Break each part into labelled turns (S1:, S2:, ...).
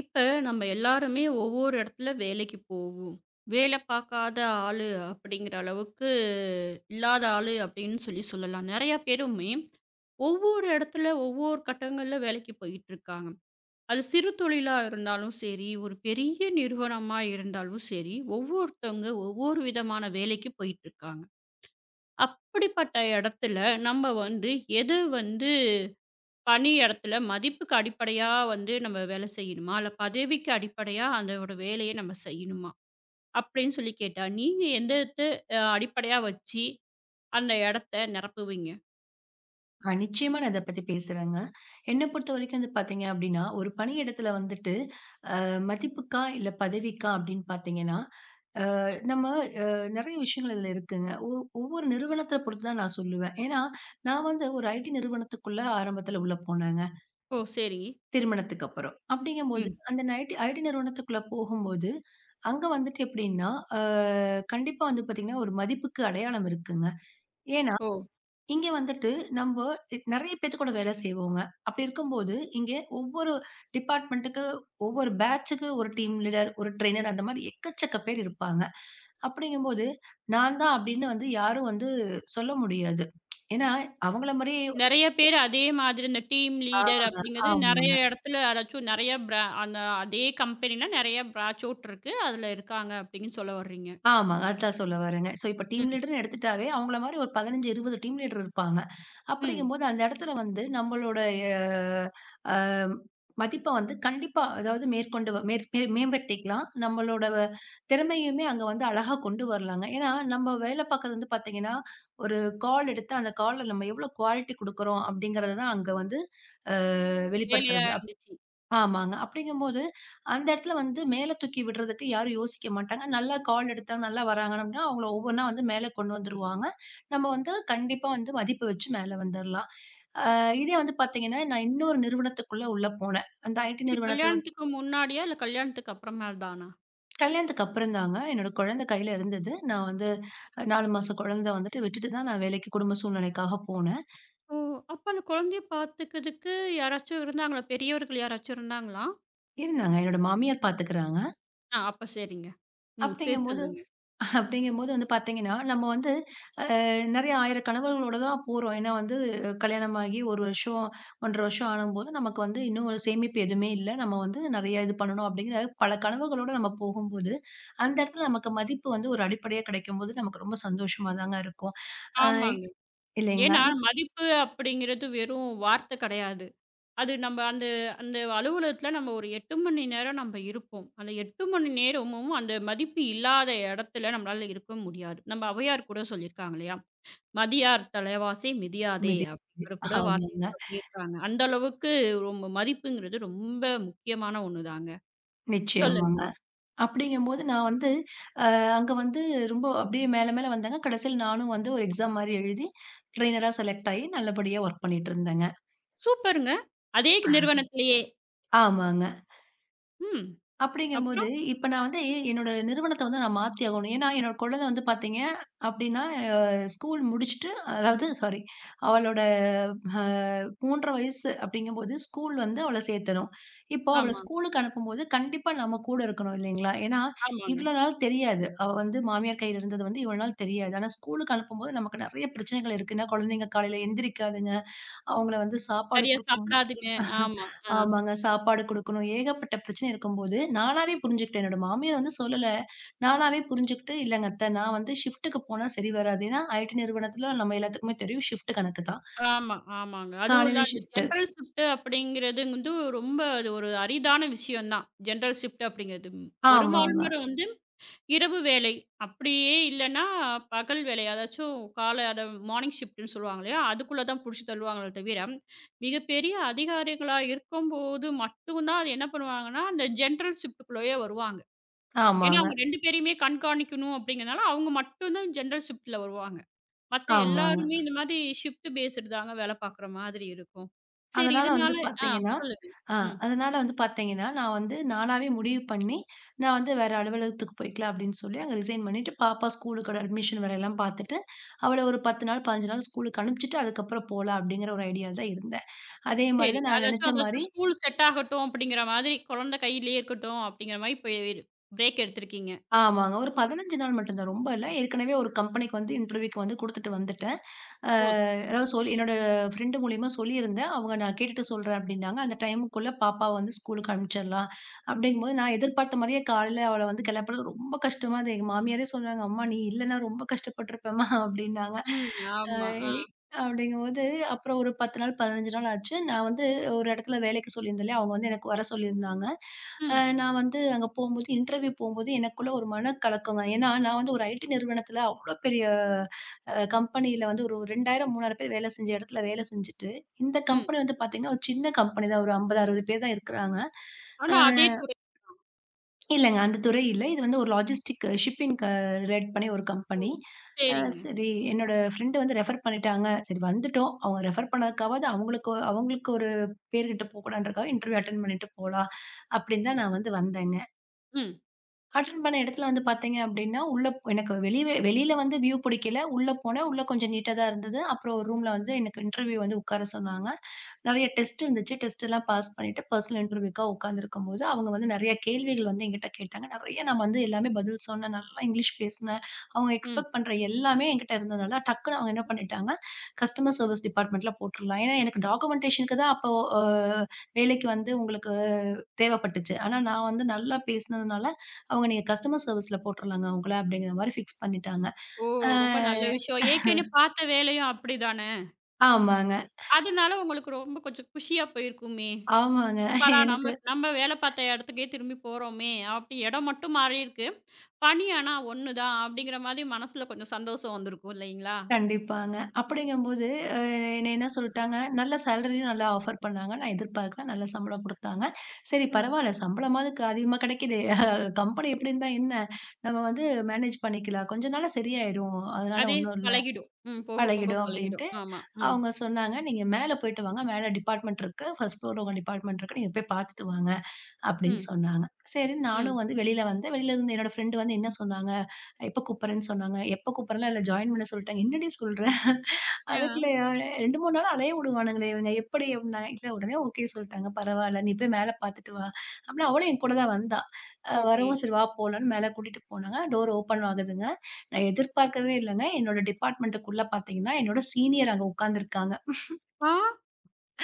S1: இப்ப நம்ம எல்லாருமே ஒவ்வொரு இடத்துல வேலைக்குப் போவோம். வேலை பாக்காத ஆளு அப்டிங்கிற அளவுக்கு இல்லாத ஆளு அப்டின்னு சொல்லிச் சொல்லலாம். நிறைய பேருமே ஒவ்வொரு இடத்துல ஒவ்வொரு கட்டங்கள்ல வேலைக்குப் போயிட்டு இருக்காங்க. அது சிறுதொழில இருந்தாலும் சரி, ஒரு பெரிய நிறுவனமா இருந்தாலும் சரி. ஒவ்வொருத்தங்க ஒவ்வொரு விதமான வேலைக்குப் போயிட்டு இருக்காங்க. அப்படிப்பட்ட இடத்துல நம்ம வந்து எது வந்து பணியிடத்துல மதிப்புக்கு அடிப்படையா வந்து நம்ம வேலை செய்யணுமா? இல்ல பதவிக்கு அடிப்படையா அந்த வேலையை நாம செய்யணுமா அப்டின்னு சொல்லி கேட்டா, நீங்க எந்ததா அடிப்படையா வச்சு அந்த இடத்தை நிரப்புவீங்க?
S2: அ. நிச்சயமா நான் இதைப்பத்தி பேசுறேங்க. என்ன பொறுத்தவரைக்கும் பாத்தீங்க அப்டின்னா, ஒரு பணியிடத்துல வந்துட்டு மதிப்புக்கா, இல்ல பதவிக்கா அப்டின்னு பார்த்தீங்கன்னா, அ நம்ம நிறைய விஷயங்கள் இதுல இருக்குங்க. ஒவ் ஒவ்வொரு நிறுவனத்தைப் பொறுத்துதான் நான் சொல்லுவேன். ஏன்னா நான் வந்து ஒரு ஐடி நிறுவனத்துக்குள்ள ஆரம்பத்துல உள்ள போனேங்க.
S1: ஓ. சரி.
S2: திருமணத்துக்கு அப்பறம். அப்டிங்கும்போது
S1: ம்.
S2: அந்த ஐடி நிறுவனத்துக்குள்ள போகும்போது அங்க வந்துட்டு எப்புடின்னா, ஆ. கண்டிப்பா வந்து பாத்தீங்கன்னா ஒரு மதிப்புக்கு அடையாளம் இருக்குங்க. ஏன்னா
S1: ஓ.
S2: இங்க வந்துட்டு நம்போ நிறைய பேத்து கூட வேலை செய்வோங்க. அப்படி இருக்கும்போது இங்க ஒவ்வொரு டிபார்ட்மென்ட்க்கு ஒவ்வொரு பேட்ச்க்கு ஒரு டீம் லீடர், ஒரு ட்ரைனர் அந்த மாதிரி எக்கச்சக்க பேர் இருப்பாங்க. அப்டிங்கும்போது நான் தான் அப்படின்னு வந்து யாரும் வந்து சொல்ல முடியாது. ஏன்னா அவங்களை மாரி
S1: நிறைய பேர் அதே மாதிரி இந்த டீம் லீடர்
S2: ஆமாங்க,
S1: அப்படிங்கறது நிறைய
S2: ஆமாங்க.
S1: இடத்துல நிறைய பிரான் அதே கம்பெனில நிறைய பிரான்ச் இருக்கு. அதுல இருக்காங்க. அப்படினு சொல்ல வரீங்க.
S2: ஆமாங்க, அதத்தான் சொல்ல வர்றேங்க. ஸோ இப்ப டீம்
S1: ம்.
S2: லீடர்ன்னு எடுத்துட்டாவே, அவங்களை மாதிரி ஒரு 15, 20 டீம் லீடர் இருப்பாங்க.
S1: ம்.
S2: அப்படிங்கும்போது அந்த இடத்துல வந்து நம்மளோட அ மதிப்ப வந்து கண்டிப்பா அதாவது மேற்கொண்டு மேம் மேம்படுத்திக்கலாம். நம்மளோட திறமையுமே அங்க வந்து அழகா கொண்டு வரலாங்க. ஏன்னா நம்ம வேலை பார்க்கிறது வந்து பார்த்தீங்கன்னா, ஒரு கால் எடுத்து அந்தக் கால் நம்ம எவ்வளவு குவாலிட்டி கொடுக்கிறோம் அப்படிங்கிறதை தான் அங்க வந்து அ.
S1: வேலையா
S2: வெளிப்படுத்துறது.
S1: இருந்துச்சு.
S2: ஆமாங்க. அப்படிங்கும்போது அந்த இடத்துல வந்து மேல தூக்கி விட்றதுக்கு யாரும் யோசிக்க மாட்டாங்க. நல்ல கால் எடுத்தா நல்லா வராங்கன்னா, [unintelligible] அவங்களை ஒவ்வொண்ணா வந்து மேல கொண்டு வந்துருவாங்க. நம்ம வந்து கண்டிப்பா வந்து மதிப்பு வச்சு மேல வந்துடலாம். இதே வந்து பார்த்தீங்கன்னா நான் இன்னொரு நிறுவனத்துக்குள்ள உள்ள போனேன். அந்த ஐடி
S1: இது
S2: நிறுவனத்தை விட்
S1: கல்யாணத்துக்கு முன்னாடியா, இல்ல கல்யாணத்துக்கு அப்புறமா தானா?
S2: கல்யாணத்துக்கு அப்றம்தாங்க, என்னோட கொழந்த கைல இருந்தது, நான் வந்து 4 மாசம் கொழந்த வந்துட்டு, விட்டுட்டு தான் நான் வேலைக்குக் குடும்ப சூழ்நிலைக்காகப் போனேன்.
S1: ஓ, அப்ப அந்த குழந்தைய பாத்துக்குறதுக்கு யாராச்சும் இருந்தாங்களா? பெரியவர்கள் யாராச்சும் இருந்தாங்களா?
S2: இருந்தாங்க, என்னோட மாமியார் பாத்துக்குறாங்க.
S1: அ அப்ப சரிங்க, ம். செரி,
S2: அப்டிங்கும்போது
S1: சொல்லுங்க.
S2: அப்டிங்கும்போது வந்து பாத்தீங்கன்னா, நம்ம வந்து அ நெறைய ஆயிரம் கனவுகளோடு தான் போறோம், ஏன்னா வந்து கல்யாணமாகி ஒரு 1 வருஷம், 1 1/2 வருஷம் ஆவும்போது, நமக்கு வந்து இன்னும் ஒரு சேமிப்பு எதுவுமே இல்ல, நம்ம வந்து நெறைய இது பண்ணணும், அப்டின்னு பல கனவுகளோடு நம்ம போகும்போது, அந்த எடத்துல நமக்கு மதிப்பு வந்து ஒரு அடிப்படையாக் கிடைக்கும்போது நமக்கு ரொம்ப சந்தோஷமா தாங்க இருக்கும். அஹ்
S1: ஆமாங்க,
S2: இல்லீங்களா?
S1: ஏன்னா,
S2: இப்.
S1: மதிப்பு அப்படிங்குறது வெறும் வார்த்தை கிடையாது, அது நம்ம அந்த அந்த அலுவலகத்துல நம்ம ஒரு 8 மணி நேரம் நம்ம இருப்போம், அந்த 8 மணி நேரமும் அந்த மதிப்பு இல்லாத எடத்துல நம்மளால இருக்க முடியாது. நம்ம அவ்வையார் கூட சொல்லிருக்காங்கள்லயா! "மதியாதார் தலைவாசல் மிதியாதே",
S2: மிதி
S1: அப்படிங்குற கூட
S2: [unintelligible]
S1: வார்த்தய
S2: ஆமாங்க.
S1: சொல்லிருக்காங்க. அந்த அளவுக்கு ரொம் மதிப்புங்குறது ரொம்ப முக்கியமான 1 தாங்க, சொல்லுங்க.
S2: நிச்சயமாங்க. அப்படிங்கும்போது நான் வந்து, அ அங்க வந்து ரொம்ப அப்படியே மேல மேல வந்தேங்க. கடைசில நானும் வந்து ஒரு எக்ஸாம் மாதிரி எழுதி ட்ரைனரா செலக்ட் ஆயி, நல்லபடியா வொர்க் பண்ணிட்டு இருந்தேங்க.
S1: சூப்பருங்க. அதே க் நிறுவனத்திலேயே.
S2: ஆமாங்க.
S1: ம்,
S2: அப்படிங்கும்போது,
S1: அப்புறம்?
S2: இப்ப நான் வந்து என்னோட நிறுவனத்த வந்து நான் மாத்தி ஆகணும். ஏன்னா, என்னோட கொழந்தை வந்து பாத்தீங்க அப்படின்னா ஸ்கூல் முடிச்சிட்டு, அதாவது சாரி அவளோட அ 3 1/2 வயசு அப்படிங்கும்போது, ஸ்கூல் வந்து அவள சேக்கணும் இப்போ அவள
S1: ஆமா.
S2: ஸ்கூல்க்கு அனுப்பும்போது, கண்டிப்பா நம்ம கூட இருக்கணும் இல்லீங்களா? ஏன்னா,
S1: ஆமாங்க.
S2: இவ்வளவு நாள் தெரியாது, அவ வந்து மாமியார் கைல இருந்தது இவ்வளவு நாள் தெரியாது. ஆனா, ஸ்கூல்க்கு அனுப்பும்போது நமக்கு நெறைய பிரச்சனைகள் இருக்கு. ஏன்னா, கொழந்தைங்க காலைல எந்திரிக்காதுங்க, அவங்கள வந்து சாப்பாடு
S1: சரியா
S2: குடுக்கணும்
S1: சாப்டாதுங்க. ஆமா, ஆ.
S2: ஆமாங்க, சாப்பாடு குடுக்கணும், ஏகப்பட்ட பிரச்சன இருக்கும்போது, நானாவே புரிஞ்சுக்கிட்டேன். என்னோட மாமியார் வந்து சொல்லல, நானாவே புரிஞ்சுக்கிட்டு, "இல்லைங்க அத்த, நான் வந்து ஷிப்ட்க்கு போனா, சரி வராது", ஏன்னா IT நிறுவனத்துல நம்ம எல்லாத்துக்குமே தெரியும் ஷிப்ட் கணக்குதான்.
S1: ஆமா, ஆமாங்க. அதுவும் இல்ல,
S2: காலைல
S1: அந்த
S2: ஷிப்ட்டு
S1: ஜெனரல் ஷிப்ட் அப்படிங்கறது வந்து ரொம்ப அது ஒரு அரிதான விஷயம் தான். ஜெனரல் ஷிப்ட் அப்படிங்கறது.
S2: ஆமாங்க.
S1: பெரும்பாலும் நேரம் வந்து, இரவு வேலை, அப்படியே இல்லன்னா பகல் வேலை, அதாச்சும் கால மார்னிங்ஷிப்ட்னு சொல்லுவாங்க இல்லையா? அதுக்குள்ள தான் புடிச்சு தள்ளுவாங்களே தவிர, மிகப்பெரிய அதிகாரிகளாக இருக்கும்போது மட்டும்தான் என்ன பண்ணுவாங்கன்னா, அந்த ஜெனரல் ஷிப்ட்குள்ளேயே வருவாங்க. ஏன்னா,
S2: ஆமாங்க.
S1: அவுங்க 2 பேரையுமே கண்காணிக்கணும் அப்டிங்கறதால, அவுங்க மட்டும்தான் ஜெனரல் ஷிப்ட்ல வருவாங்க, மத்த
S2: ஆமாங்க.
S1: எல்லாருமே இந்த மாதிரி ஷிப்ட் பேஸ்டு தாங்க வேல பாக்குற மாதிரி இருக்கும். சரி
S2: அதனால
S1: இதனால
S2: வந்து
S1: ஆ
S2: பாத்தீங்கன்னா
S1: சொல்லுங்க.
S2: ஆஹ்
S1: ம்.
S2: அதனால வந்து பாத்தீங்கன்னா, நான் வந்து நானாவே முடிவு பண்ணி, நான் வந்து வேற அலுவலகத்துக்குப் போயிக்கலாம், அப்படின்னு சொல்லி அங்க ரிசைன் பண்ணிட்டு, பாப்பாவ ஸ்கூல்க்கோட அட்மிஷன் வேலைல்லாம் பாத்துட்டு, அவள ஒரு 10 நாள், 15 நாள் ஸ்கூல்க்கு அனுப்பிச்சிட்டு, அதுக்கப்றம் போலாம் அப்படிங்குற ஒரு ஐடியால தான் இருந்தேன். அதே மாதிரி தான்,
S1: சரிங்க.
S2: நான்
S1: அதாச்சும்
S2: நெனைச்ச மாரி
S1: அதாச்சும் ஸ்கூல் செட் ஆகட்டும் அப்படிங்கற மாதிரி, குழந்தை கையிலயே இருக்கட்டும் அப்படிங்கற மாதிரி, போயி பிரேக் எடுத்துருக்கீங்க.
S2: ஆமாங்க, ஒரு 15 நாள் மட்டும்தான், ரொம்ப இல்ல. ஏற்கனவே ஒரு கம்பெனிக்கு வந்து இன்டர்வியூக்கு வந்து குடுத்துட்டு வந்துட்டேன். அஹ்
S1: [unintelligible]
S2: அதாவது சொல் என்னோட ஃப்ரெண்ட் மூலியமா சொல்லிருந்தேன், அவுங்க நான் கேட்டுட்டு சொல்றேன் அப்படின்னாங்க. அந்த டைம்குள்ள பாப்பாவ வந்து ஸ்கூல்க்கு அனுப்பிச்சிடலாம், அப்படிங்கம்போது நான் எதிர்பார்த்த மாதிரியே, காலைல அவள வந்து கெளப்புறது ரொம்ப கஷ்டமா இருந்தது. எங்க மாமியாரே சொல்றாங்க, "அம்மா, நீ இல்லன்னா ரொம்ப கஷ்டப்பட்டுருப்பேம்மா" அப்படின்னாங்க.
S1: ம்,
S2: அ
S1: ஆமா,
S2: இ
S1: ஆ.
S2: அப்படிங்கும்போது, அப்பறம் ஒரு 10 நாள், 15 நாள் ஆச்சு. நான் வந்து ஒரு இடத்துல வேலைக்கு சொல்லிருந்தேன் இல்லையா? அவுங்க வந்து எனக்கு வர சொல்லிருந்தாங்க. அ
S1: ம்.
S2: நான் வந்து அங்க போகும்போது, இன்டர்வியூ போகும்போது எனக்குள்ள ஒரு மனக் கலக்கமா ஏன்னா, நான் வந்து ஒரு IT நிறுவனத்துல அவ்வளவு பெரிய அ கம்பெனில வந்து ஒரு 2000, 3000 பேரு வேலை செஞ்ச எடத்துல வேலை செஞ்சிட்டு, இந்த
S1: ம்.
S2: கம்பெனி வந்து பாத்தீங்கன்னா, ஒரு சின்ன கம்பெனி தான். ஒரு 50, 60 பேர் தான் இருக்குறாங்க.
S1: ஆனா, அதே
S2: அஹ்
S1: துறை தான்.
S2: இல்லங்க, அந்த துறை இல்லை. இது வந்து ஒரு லாஜிஸ்டிக்ஸ், ஷிப்பிங் ரிலேட் பண்ணி ஒரு
S1: ஓ,
S2: கம்பெனி. அ
S1: செரிங்க.
S2: சரி, என்னோட ஃப்ரெண்ட் வந்து ரெஃபர் பண்ணிட்டாங்க. சரி, வந்துட்டோம், அவுங்க ரெஃபர் பண்ணதுக்காகாவது அவுங்களுக் அவங்களுக்கு ஒரு பேரு கெட்டு போகக் கூடாதுன்றதுக்காக, இன்டர்வியூ அட்டென்ட் பண்ணிட்டு போலாம் அப்படின்னு தான், நான் வந்து வந்தேங்க.
S1: ம்.
S2: அட்டென்ட் பண்ண இடத்துல வந்து பார்த்தீங்க அப்படின்னா, உள்ள எனக்கு வெளிய வெளியில வந்து வியூ பிடிக்கல. உள்ள போனேன். உள்ள கொஞ்சம் நீட்டா தான் இருந்தது. அப்புறம் ரூம்ல வந்து எனக்கு இன்டெர்வியூ வந்து உட்கார சொன்னாங்க. நிறைய டெஸ்ட் வந்துச்சு. டெஸ்ட் எல்லாம் பாஸ் பண்ணிட்டு பர்சனல் இன்டெர்வியூக்கு உட்கார்ந்து இருக்கும்போது அவங்க வந்து நிறைய கேள்விகள் வந்து என்கிட்ட கேட்டாங்க. நிறைய நான் வந்து எல்லாமே பதில் சொன்னேன். நல்லா இங்கிலிஷ் பேசுனேன். அவங்க
S1: ம்.
S2: எக்ஸ்பெக்ட் பண்ற எல்லாமே என்கிட்ட இருந்ததுனால டக்குன்னு அவங்க என்ன பண்ணிட்டாங்க, கஸ்டமர் சர்வீஸ் டிப்பார்ட்மென்ட்ல போட்டுருலாம். ஏன்னா எனக்கு டாக்குமென்டேஷன் தான் அப்போ வேலைக்கு வந்து அவங்களுக்குத் தேவைப்பட்டுச்சு. ஆனா நான் வந்து நல்லா பேசுனதுனால அவங்க நீங்க கஸ்டமர் சர்வீஸ்ல போட்டுருலாம்ங்க உங்கள, அப்படிங்கற மாதிரி ஃபிக்ஸ் பண்ணிட்டாங்க.
S1: ஓ!
S2: ஆ
S1: ரொம்ப நல்ல விஷயம். ஏற்கனவே பார்த்த வேலையும் அப்படிதானே.
S2: ஆமாங்க.
S1: அதனால உங்களுக்கு ரொம்ப கொஞ்சம் குஷியா போயிருக்குமே.
S2: ஆமாங்க.
S1: அப்புறம்
S2: எனக்கு.
S1: நாம நம்ம வேலை பார்த்த இடத்துக்கே திரும்பிப் போறோமே. அப்படி இடம் மட்டும் மாறி இருக்கு. பணி ஆனா ஒண்ணுதான். அப்படிங்கிற மாதிரி மனசுல கொஞ்சம் சந்தோஷம் வந்திருக்கும். இல்லைங்களா?
S2: கண்டிப்பாங்க. அப்படிங்கும் போது அ என்ன என்ன சொல்லிட்டாங்க, நல்ல சேலரி நல்ல ஆஃபர் பண்ணாங்க. நான் எதிர்பார்க்கலை. நல்ல சம்பளம் கொடுத்தாங்க. சரி
S1: ம்.
S2: பரவாயில்லை. சம்பளமாவது அதிகமா கிடைக்குதே. கம்பெனி இப்படி இருந்தா என்ன? நாம வந்து மேனேஜ் பண்ணிக்கலாம். கொஞ்ச நாள்ல சரியாயிடும். அதனால
S1: அதே
S2: ஒன்னும் இல்ல.
S1: பழகிடும். ம் போகப்போக
S2: பழகிடும்
S1: பழகிடும்.
S2: அப்படின்னு
S1: ஆமா.
S2: அவங்க சொன்னாங்க. "நீங்க மேல போயிட்டு வாங்க. மேல டிபார்ட்மென்ட் இருக்கு. ஃபர்ஸ்ட் ஃப்ளோர் உங்க டிபார்ட்மென்ட் இருக்கு. நீங்க போய் பாத்துட்டு வாங்க" அப்படின்னு
S1: ம்.
S2: சொன்னாங்க. சரின்னு நானும்
S1: ம்.
S2: வந்து வெளியில வந்தேன். வெளியில இருந்து என்னோட ஃப்ரெண்டு வந்து என்ன சொன்னாங்க, எப்ப கூப்பிடுறேன் சொன்னாங்க. எப்ப கூப்பிடுறேன் இல்ல ஜாயின் பண்ண சொல்லிட்டாங்க. என்னடி சொல்ற?
S1: ஆ.
S2: அதுக்குள்ளயா 2, 3 நாளா அலைய விடுவானுங்களே இவங்க. எப்படி அப்படின்னா, இல்ல உடனே ஓகே சொல்லிட்டாங்க. பரவால்ல. நீ போய் மேல பாத்துட்டு வா. அப்படின்னா, அவளும் என்கூட தான் வந்தா.
S1: ஓகே.
S2: வரவும் சரி வா போலாம்னு மேல கூட்டிட்டு போனாங்க. டோர் ஓப்பன் ஆகுதுங்க. நான் எதிர்பார்க்கவே இல்லைங்க. என்னோட டிபார்ட்மென்ட்க்குள்ள பார்த்தீங்கன்னா என்னோட சீனியர் அங்க உட்கார்ந்து இருக்காங்க.
S1: ஆ.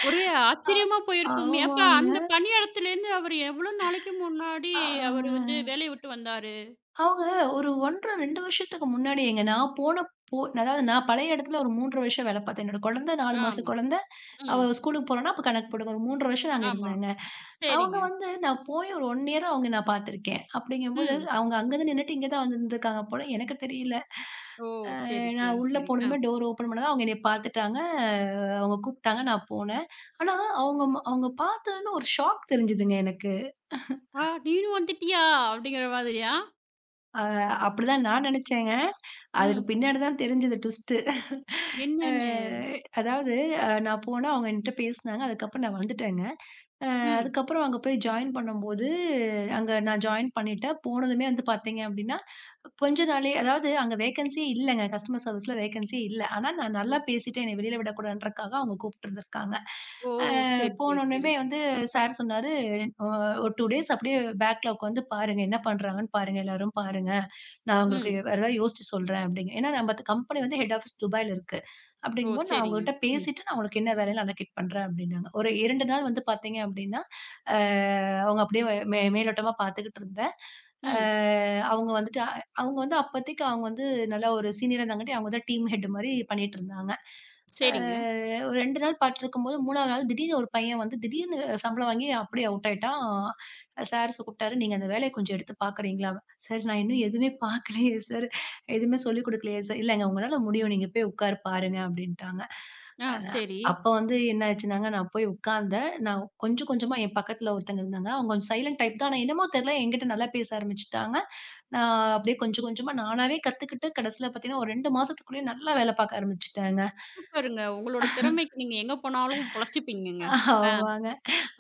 S1: ஒரே ஆச்சரியமா போயிருக்குமே. ஏப்பா
S2: ஆமாங்க.
S1: அந்தப் பணியிடத்திலிருந்து அவர் எவ்வளவு நாளைக்கு முன்னாடி அவர் வந்து வேலைய விட்டு வந்தாரு?
S2: அவங்க. ஒரு 1-1/2, 2 வருஷத்துக்கு முன்னாடி எங்க நான் போனப்போ அதாவது நான் பழைய இடத்துல ஒரு 3-1/2 வருஷம் வேலை பார்த்தேன். என்னோட குழந்தை 4
S1: ஆ.
S2: மாசம் குழந்தை. அவ
S1: ம்.
S2: ஸ்கூலுக்கு போறன்னா அப்பக் கணக்கு போடுங்க. ஒரு 3-1/2 வருஷம் நாங்க
S1: ஆமா.
S2: இருந்தேங்க. அவங்க
S1: சரிங்க.
S2: வந்து நான் போய் ஒரு 1 இயர் தான் அவங்க நான் பார்த்திருக்கேன். அப்படிங்கும் போது,
S1: ம்.
S2: அவங்க அங்கதான் நின்னுட்டு இங்க தான் வந்து இருந்திருக்காங்க போல. எனக்கே தெரியல.
S1: ஓ. சரி,
S2: நான்
S1: சரி,
S2: உள்ள
S1: சரி. ஆ.
S2: போனதும் டோர் ஓப்பன் பண்ணாதா அவங்க என்னைய பாத்துட்டாங்க. அவங்க கூப்பிட்டாங்க. நான் போனேன். ஆனா அவங்க அவங்க பார்த்ததுமே, ஒரு ஷாக் தெரிஞ்சுதுங்க எனக்கு.
S1: ஆ நீயும் வந்துட்டயா அப்படிங்கிற மாதிரியா?
S2: ஆ, அப்பிடித்தான் நான் நினைச்சேங்க. அதுக்கு
S1: ம்.
S2: பின்னாடி தான் தெரிஞ்சுது டுவிஸ்டு அ
S1: என்னன்னு?
S2: அதாவது அ நான் போனா அவுங்க என்ட்ட பேசினாங்க. அதுக்கப்பறம் நான் வந்துட்டேங்க. அ
S1: ம்.
S2: அதுக்கப்பறம் அங்க போய் ஜாயின் பண்ணும் போது அங்க நான் ஜாயின் பண்ணிட்டேன். போனதுமே வந்து பார்த்தீங்கன்னா கொஞ்சம் நாள்லயே அதாவது அங்க வேகன்ஸியே இல்லங்க கஸ்டமர் சர்வீஸ்ல வேகன்ஸியே இல்ல. ஆனா, நான்
S1: ஒ.
S2: நல்லா பேசிட்டேன், என்னைய வெளில விடக்கூடாதுன்றதுக்காக அவுங்க கூப்பிட்டு இருந்திருக்காங்க.
S1: ஓ!
S2: அ,
S1: சரி, சரி, சரி.
S2: போனவுடனமே வந்து சார் சொன்னாரு, அ ஒரு 2 டேஸ் அப்பிடியே பேக்ல உக்காந்து பாருங்க. என்ன பண்றாங்கன்னு பாருங்க. எல்லாரும் பாருங்க. நான் உங்களுக்கு
S1: ம்.
S2: வேற ஏதாவது யோசித்து சொல்றேன் அப்பிடிங்க ஏன்னா நம்மது கம்பெனி வந்து ஹெட் ஆபீஸ் துபாய்ல இருக்கு.
S1: ஓ!
S2: அப்பிடிங்கம்போது நான்
S1: சரிங்க.
S2: அவுங்ககிட்ட
S1: ம்.
S2: பேசிட்டு நான் உனக்கு என்ன வேலைன்னு அலகேட் பண்றேன் அப்பிடின்னாங்க. ஒரு 2 நாள் வந்து பார்த்தீங்க அப்பிடின்னா, அ அவுங்க அப்பிடியே மே மேலோட்டமா பாத்துக்கிட்டு இருந்தேன். அ
S1: ம்.
S2: அவுங்க வந்துட்டு அ அவுங்க வந்து அப்பத்தைக்கு அவுங்க வந்து நல்ல ஒரு சீனியரா இருந்தங்காட்டி அவுங்க தான் டீம் ஹெட்மாரி பண்ணிட்டு இருந்தாங்க. அ
S1: சரிங்க.
S2: ஒரு 2 நாள் பார்த்துட்டு இருக்கும்போது 3வது நாள் திடீர்னு ஒரு பையன் வந்து திடீர்னு சம்பளம் வாங்கி அப்படியே அவுட் ஆயிட்டான். அ சார் கூப்பிட்டாரு. "நீங்க அந்த வேலைய கொஞ்சம் எடுத்துப் பாக்குறீங்களா?" சார், நான் இன்னும் எதுவுமே பாக்கலயே சார்! எதுவுமே சொல்லிக் கொடுக்கலயே சார், "இல்லங்க உங்களால முடியும். நீங்க போய் உட்காரு பாருங்க" அப்பிடின்டாங்க.
S1: ஆ,
S2: அ
S1: சரி.
S2: அப்ப வந்து என்ன ஆயிடுச்சுன்னாங்க, நான் போய் உட்கார்ந்தேன். நான் கொஞ்சம், கொஞ்சமா என் பக்கத்துல ஒருத்தங்க இருந்தாங்க. அவுங்க கொஞ்சம் சைலன்ட் டைப்தான் ஆனா என்னமோ தெரியல, என்கிட்ட நல்லா பேச ஆரம்பிச்சுட்டாங்க. நான் அப்பிடியே கொஞ்சம், கொஞ்சமா நானாவே கத்துக்கிட்டு கடைசில பார்த்தீங்கன்னா, ஒரு 2 மாசத்துக்குள்ளயே நல்லா வேலை பார்க்க ஆரம்பிச்சுட்டேங்க.
S1: சூப்பருங்க. உங்களோட திறமைக்கு நீங்க எங்க போனாலும் பொழச்சுப்பீங்கங்க, ஆ.
S2: ஆமாங்க.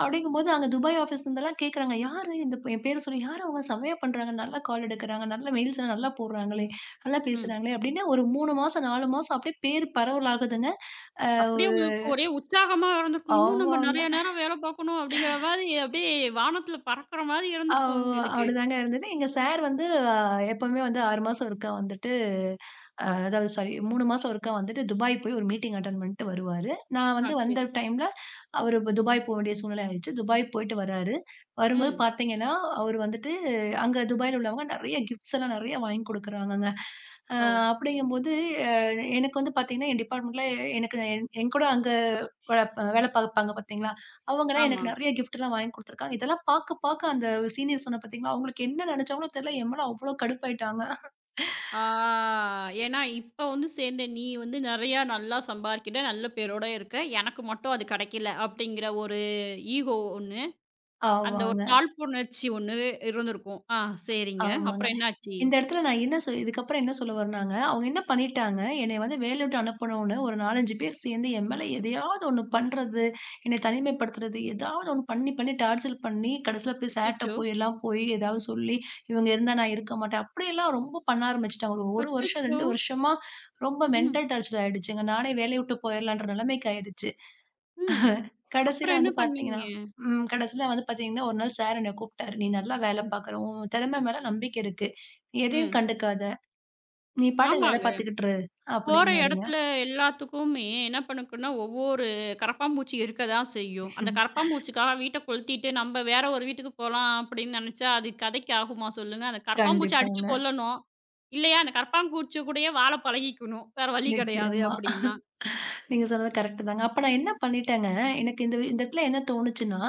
S2: அப்பிடிங்கம்போது அங்க துபாய் ஆபீஸ்ல இருந்து எல்லாம் கேக்குறாங்க. யாரு இந்த எம் பேரச் சொல்லி யாரு? அவுங்க செமயா பண்றாங்க, நல்லா கால் எடுக்குறாங்க, நல்லா மெயில்ஸ்லாம் நல்லா போடுறாங்களே! நல்லா
S1: ம்.
S2: பேசுறாங்களே! அப்பிடின்னா ஒரு 3 மாசம், 4 மாசம் அப்பிடியே பேரு பரவலாகுதுங்க. அ
S1: அப்பிடியே
S2: ஒரு
S1: உங்களுக்கு ஒரே உற்சாகமா இருந்திருக்கும். இன்னும் நம்ம
S2: ஆமாங்க.
S1: நிறைய நேரம் வேல பார்க்கணும் அப்பிடிங்கிற மாதிரி அப்பிடியே வானத்துல பறக்குற மாரி இருந்திருக்கும்
S2: ஆமா.
S1: உங்களுக்கு.
S2: அப்பிடிதாங்க இருந்தது. எங்க சார் வந்து எப்பவுமே வந்து 6 மாசம் ஒருக்கா வந்துட்டு அதாவது சாரி 3 மாசம் ஒருக்கா வந்துட்டு துபாய் போய் ஒரு மீட்டிங் அட்டன் பண்ணிட்டு வருவாரு. நான்
S1: ஆ,
S2: வந்து வந்த
S1: சரி.
S2: டைம்ல அவரு துபாய் போக வேண்டிய சூழ்நிலை ஆயிடுச்சு. துபாய் போயிட்டு வராரு. வரும்போது
S1: ம்.
S2: பார்த்தீங்கன்னா அவரு வந்துட்டு அங்க துபாய்ல உள்ளவங்க நிறைய கிப்ட்ஸ் எல்லாம் நிறைய வாங்கிக் கொடுக்குறாங்கங்க. ஆ,
S1: ஓ!
S2: அப்பிடிங்கம்போது அ எனக்கு வந்து பார்த்தீங்கன்னா, என் டிப்பார்ட்மெண்ட்ல எ எனக்கு என்கூட அங்க வே வேலை பார்ப்பாங்க பார்த்தீங்களா? அவுங்க எல்லாம்
S1: ஆமா.
S2: எனக்கு நிறைய கிப்ட் எல்லாம் வாங்கிக் கொடுத்துருக்காங்க. இதெல்லாம் பார்க்க பார்க்க அந்த சீனியர் சொன்னேன் பாத்தீங்களா, அவுங்களுக்கு என்ன நினைச்சாங்களோ தெரல, என்மேல அவ்ளோ கடுப்பாயிட்டாங்க.
S1: ஆ ஏன்னா இப்ப வந்து சேர்ந்த நீ வந்து நெறைய நல்லா சம்பாதிக்கிற, நல்ல பேரோட இருக்க, எனக்கு மட்டும் அது கிடைக்கல அப்பிடிங்கிற ஒரு ஈகோ ஒண்ணு. அந்த ஒரு
S2: ஆமாங்க.
S1: தாழ்வு உணர்ச்சி ஒண்ணு இருந்திருக்கும். ஆ சரிங்க.
S2: ஆமாங்க.
S1: அப்புறம் என்னாச்சு?
S2: இந்த இடத்துல நான் என்ன சொ இதுக்கப்பறம் என்ன சொல்ல வர்றேன்னாங்க, அவுங்க என்ன பண்ணிட்டாங்க என்னைய வந்து வேலைய விட்டு அனுப்பணுன்னு ஒரு 4, 5 பேர் சேர்ந்து என் மேல எதையாவது ஒண்ணு பண்றது, என்ன தனிமைப்படுத்துறது எதாவது ஒன்னு பண்ணி பண்ணி டார்ச்சர் பண்ணி கடைசியில போய் சார்ட்ட
S1: அச்சச்சோ!
S2: போய் எல்லாம் போய் ஏதாவது சொல்லி இவுங்க இருந்தா நான் இருக்க மாட்டேன். அப்பிடி எல்லாம் ரொம்ப பண்ண ஆரம்பிச்சிட்டாங்க. ஒரு வருஷம்,
S1: அச்சச்சோ!
S2: 2 வருஷமா ரொம்ப
S1: ம்.
S2: மெண்டல் டார்ச்சர் ஆயிடுச்சுங்க. நானே வேலைய விட்டு போயிர்லான்ற நிலைமைக்கு ஆயிடுச்சு.
S1: ம்.
S2: கடைசியில
S1: அப்புறம் என்ன
S2: வந்து
S1: பண்ணீங்க?
S2: பார்த்தீங்கன்னா ம் கடைசில வந்து பார்த்தீங்கன்னா ஒரு நாள் சார் என்ன கூப்பிட்டாரு. "நீ நல்லா வேலை
S1: ம்.
S2: பாக்குற, உன் திறமை மேல நம்பிக்கை இருக்கு. நீ எதையும்
S1: ம்.
S2: கண்டுக்காத! நீ பாட்டுக்கு வேலை
S1: ஆமாங்க.
S2: பாத்துக்கிட்டு இரு"
S1: போற
S2: அப்பிடின்னாருங்க.
S1: இடத்துல எல்லாத்துக்குமே என்ன பண்ணும்னா ஒவ்வொரு கரபாம்பூச்சி இருக்கத்தான் செய்யும். அந்தக் கரபாம்பூச்சிக்காக வீட்டக் கொளுத்திட்டு நம்ம வேற ஒரு வீட்டுக்குப் போலாம் அப்பிடின்னு நினைச்சா, அது கதைக்கு ஆகுமா சொல்லுங்க. அந்தக் கரப்பாம்பூச்சிய அடிச்சு
S2: கண்டிப்பாங்க.
S1: கொல்லணும். இல்லயா, அந்தக் கரப்பாம்பூச்சி கூடயே வாழப் பழகிக்கணும். வேற வழி கிடையாது
S2: நிச்சயமா.
S1: அப்பிடின்னா.
S2: நீங்க சொன்னது கரெக்ட்டுதாங்க அப்ப நான் என்ன பண்ணிட்டேங்க, எனக்கு இந்த வி இடத்துல என்ன தோணுச்சுன்னா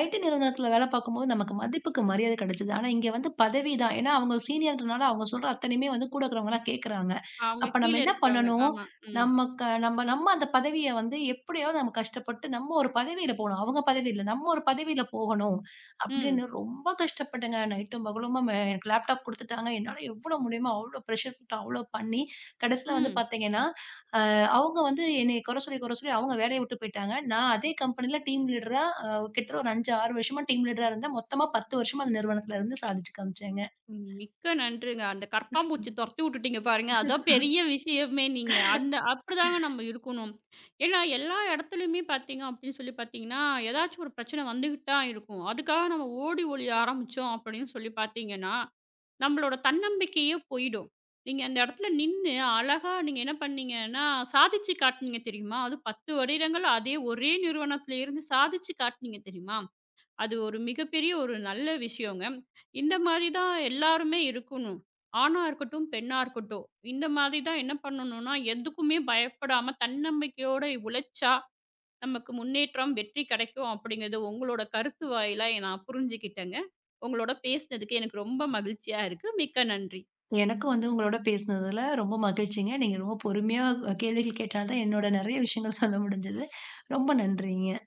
S2: IT நிறுவனத்துல வேலை பார்க்கும்போது நமக்கு மதிப்பிற்கு மரியாதை கிடைக்குது. ஆனா இங்க வந்து பதவி தான். ஏன்னா அவுங்க சீனியர்ன்றதுனால அவுங்க சொல்ற அத்தனையுமே வந்து கூட இருக்கிறவங்க எல்லாம் கேக்குறாங்க.
S1: அவுங்க
S2: அப்ப
S1: கீழ
S2: நம்ம என்ன
S1: இருக்கறவுங்க.
S2: பண்ணணும்?
S1: ஆமா, ம்.
S2: நமக்கு நம்ம, நம்ம அந்த பதவிய வந்து எப்பிடியாவது நம்ம கஷ்டப்பட்டு நம்ம ஒரு பதவியில போணும். அவுங்க பதவி இல்ல. நம்ம ஒரு பதவியில போகணும் அப்பிடின்னு
S1: ம்.
S2: ரொம்ப கஷ்டப்பட்டேங்க. நைட்டும் பகலுமா அ லேப்டாப் கொடுத்துட்டாங்க. என்னால எவ்வளவு முடியுமோ! அவ்ளோ ப்ரஷர் போட்டு அவளோ பண்ணி கடைசில வந்து
S1: ம்.
S2: பார்த்தீங்கன்னா, அ அவுங்க வந்து என்னைய குறை சொல்லி குறை சொல்லி அவுங்க வேலைய விட்டுப் போயிட்டாங்க. நான் அதே கம்பெனில டீம் லீட்ரா அ கிட்டத்தட்ட ஒரு 5, 6 வருஷமா டீம் லீடரா இருந்தேன். மொத்தமா 10 வருஷமா அந்த நிறுவனத்துல இருந்து சாதிச்சு காமிச்சேங்க.
S1: மிக்க நன்றிங்க. அந்தக் கரப்பாம்பூச்சிய துரத்தி விட்டுட்டீங்க பாருங்க. அதுதான் பெரிய விஷயமே நீங்க. அந்த அப்பிடிதாங்க நம்ம இருக்கணும். ஏன்னா எல்லா இடத்துலயுமே பார்த்தீங்க அப்பிடின்னு சொல்லிப் பார்த்தீங்கன்னா, எதாச்சும் ஒரு பிரச்சன வந்துகிட்டுதான் இருக்கும். அதுக்காக நாம ஓடி ஒழிய ஆரம்பிச்சோம் அப்பிடின்னு சொல்லிப் பார்த்தீங்கன்னா, நம்மளோட தன்னம்பிக்கையே போயிடும். நீங்க அந்த இடத்துல நின்னு அழகா நீங்க என்ன பண்ணீங்கன்னா சாதிச்சு காட்டுனீங்க தெரியுமா? அது 10 வருடங்கள். அதே ஒரே நிறுவனத்தில் இருந்து சாதிச்சு காட்டுனீங்க தெரியுமா? அது ஒரு மிகப்பெரிய ஒரு நல்ல விஷயம்ங்க. இந்த மாரிதான் எல்லாருமே இருக்கணும். ஆணா இருக்கட்டும், பெண்ணா இருக்கட்டும். இந்த மாரிதான் என்ன பண்ணணுன்னா எதுக்குமே பயப்படாம தன்னம்பிக்கையோட உழைச்சா நமக்கு முன்னேற்றம், வெற்றி கிடைக்கும் அப்பிடிங்கிறது உங்களோட கருத்து வாயிலா நான் புரிஞ்சுக்கிட்டேங்க. உங்களோட பேசினதுக்கு எனக்கு ரொம்ப மகிழ்ச்சியா இருக்கு. மிக்க நன்றி.
S2: எனக்கும் வந்து உங்களோட பேசினதுல ரொம்ப மகிழ்ச்சிங்க. நீங்க ரொம்ப பொறுமையா அ கேள்விகள் கேட்டதால தான் என்னோட நெறைய விஷயங்கள் சொல்ல முடிஞ்சது. ரொம்ப நன்றிங்க.